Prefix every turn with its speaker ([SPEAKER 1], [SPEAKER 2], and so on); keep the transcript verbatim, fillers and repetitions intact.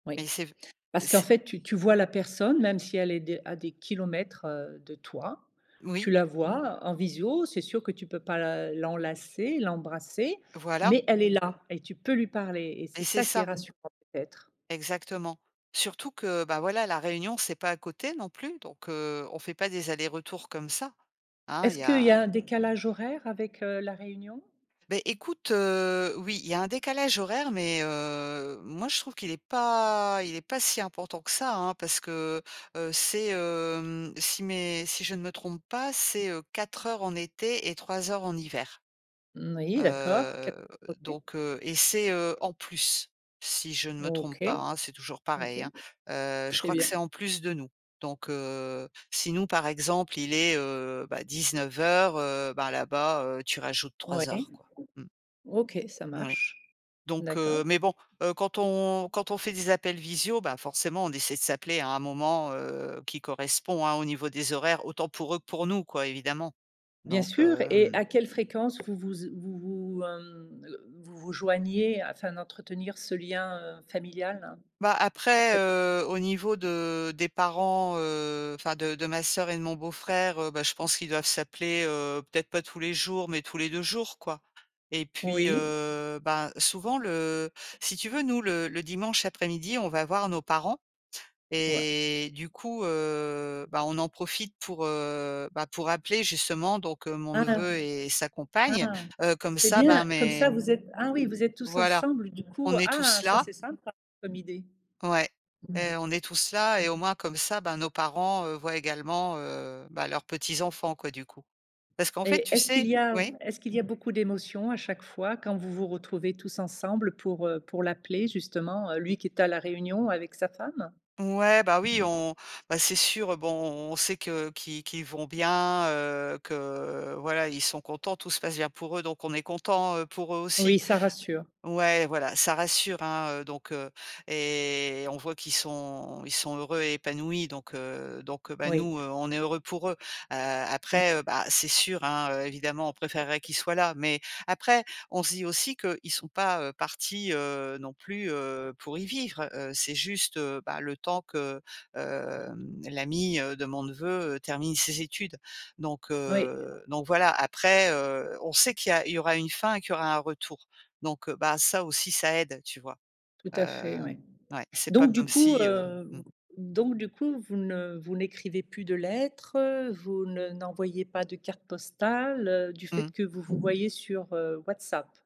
[SPEAKER 1] Oui,
[SPEAKER 2] Mais c'est v
[SPEAKER 1] parce qu'en
[SPEAKER 2] c'est
[SPEAKER 1] fait, tu tu vois la personne même si elle est à des à des kilomètres, heu, de toi, tu
[SPEAKER 2] Oui.
[SPEAKER 1] la vois en visio. C'est sûr que tu peux pas la l'enlacer, l'embrasser
[SPEAKER 2] Voilà.
[SPEAKER 1] mais elle est là et tu peux lui parler et c'est
[SPEAKER 2] Eh c'est
[SPEAKER 1] ça qui est
[SPEAKER 2] ça.
[SPEAKER 1] rassurant peut-être.
[SPEAKER 2] Exactement. Surtout que, bah voilà, La Réunion, c'est pas à côté non plus donc heu, on fait pas des allers-retours comme ça, hein, il
[SPEAKER 1] Est-ce
[SPEAKER 2] y
[SPEAKER 1] qu'il y
[SPEAKER 2] a
[SPEAKER 1] a un décalage horaire avec, heu, La Réunion?
[SPEAKER 2] Beh, écoute, heu, oui, il y a un décalage horaire mais heu, moi, je trouve qu'il est pas il est pas si important que ça, hein, parce que, heu, c'est, hem, si, mais si je ne me trompe pas, c'est, heu, quatre heures en été et trois heures en hiver.
[SPEAKER 1] Moui d'accord
[SPEAKER 2] Heu,
[SPEAKER 1] [unintelligible]
[SPEAKER 2] donc heu et c'est, heu, en plus, si je ne me trompe
[SPEAKER 1] OK,
[SPEAKER 2] pas, hein. C'est toujours
[SPEAKER 1] OK,
[SPEAKER 2] pareil, hein. Heu, je
[SPEAKER 1] très
[SPEAKER 2] crois que
[SPEAKER 1] bien.
[SPEAKER 2] c'est en plus de nous. Donc heu, si nous, par exemple, il est heu, bah dix-neuf heures, heu, bah, là-bas, tu rajoutes trois
[SPEAKER 1] Ouais,
[SPEAKER 2] heures quoi, mmh.
[SPEAKER 1] OK, ça
[SPEAKER 2] Moui.
[SPEAKER 1] marche,
[SPEAKER 2] Donc
[SPEAKER 1] d'accord.
[SPEAKER 2] heu mais bon, heu, quand on quand on fait des appels visio, bah, forcément, on essaie de s'appeler à un moment, heu, qui correspond hein, au niveau des horaires autant pour eux que pour nous, quoi, évidemment.
[SPEAKER 1] Bien
[SPEAKER 2] Donc
[SPEAKER 1] sûr et
[SPEAKER 2] hem
[SPEAKER 1] à quelle fréquence vous vous z vous vous, hem, heu, vous vous joignez afin d'entretenir ce lien, heu, familial?
[SPEAKER 2] Bah,
[SPEAKER 1] À
[SPEAKER 2] après,
[SPEAKER 1] quelle
[SPEAKER 2] heu, au niveau de des parents, heu, enfin de de ma sœur et de mon beau-frère, heu, bah, je pense qu'ils doivent s'appeler, heu, peut-être pas tous les jours, mais tous les deux jours, quoi et puis,
[SPEAKER 1] Oui.
[SPEAKER 2] heu, bah, souvent, le si tu veux, nous, le le dimanche après-midi, on va voir nos parents
[SPEAKER 1] Ouais.
[SPEAKER 2] et du coup, heu, bah, on en profite pour, heu, bah, pour appeler justement donc mon
[SPEAKER 1] Ah.
[SPEAKER 2] neveu et sa compagne,
[SPEAKER 1] Ah,
[SPEAKER 2] heu, comme
[SPEAKER 1] c'est
[SPEAKER 2] ça, bah,
[SPEAKER 1] bien, comme
[SPEAKER 2] mes
[SPEAKER 1] ça vous êtes ah oui, vous êtes tous
[SPEAKER 2] voilà,
[SPEAKER 1] ensemble du coup?
[SPEAKER 2] on est
[SPEAKER 1] Ah
[SPEAKER 2] tous
[SPEAKER 1] ça,
[SPEAKER 2] là
[SPEAKER 1] c'est sympa comme idée!
[SPEAKER 2] ouais, heu, on est tous là et au moins comme ça, bah, nos parents, heu, voient également, heu bah, leurs petits enfants quoi, du coup. Parce qu'en fait,
[SPEAKER 1] Et
[SPEAKER 2] tu
[SPEAKER 1] est-ce qu'il
[SPEAKER 2] sais
[SPEAKER 1] y a
[SPEAKER 2] oui.
[SPEAKER 1] est ce qu'il y a beaucoup d'émotions à chaque fois quand vous vous retrouvez tous ensemble pour, heu, pour l'appeler justement,
[SPEAKER 2] Mmh.
[SPEAKER 1] lui qui est à la Réunion avec sa femme?
[SPEAKER 2] Ouais, bah oui, on bah, c'est sûr, heu, bon, on sait que qui qu'ils vont bien, heu, que voilà, ils sont contents, tout se passe bien pour eux donc on est contents, heu, pour eux,
[SPEAKER 1] Oui,
[SPEAKER 2] aussi.
[SPEAKER 1] ça rassure.
[SPEAKER 2] Ouais, voilà, ça rassure hein, donc heu et on voit qu'ils sont ils sont heureux et épanouis, donc heu, donc bah,
[SPEAKER 1] Oui.
[SPEAKER 2] nous, on est heureux pour eux. Heu,
[SPEAKER 1] Oui.
[SPEAKER 2] après, heu bah, c'est sûr, hein, évidemment, on préférerait qu'ils soient là. Mais après, on se dit aussi qu'ils sont pas, heu, partis, heu, non plus, heu, pour y vivre. Heu, c'est juste, heu, bah le temps que, heu, hem, l'ami de mon neveu, heu, termine ses études. Donc
[SPEAKER 1] Oui.
[SPEAKER 2] heu, donc voilà. Après, heu, on sait qu'il y a il y aura une fin et qu'il y aura un retour. Donc, heu, bah, ça aussi, ça aide, tu vois?
[SPEAKER 1] Tout
[SPEAKER 2] Heu
[SPEAKER 1] à fait, oui.
[SPEAKER 2] ouais, c'est pas
[SPEAKER 1] Donc du
[SPEAKER 2] comme
[SPEAKER 1] coup,
[SPEAKER 2] si, heu
[SPEAKER 1] heu, v
[SPEAKER 2] mmh.
[SPEAKER 1] donc du coup, vous ne vous n'écrivez plus de lettres, heu, vous ne n'envoyez pas de carte postale, heu, du
[SPEAKER 2] Mmh
[SPEAKER 1] fait
[SPEAKER 2] mh.
[SPEAKER 1] que vous vous voyez sur, heu, Whats App?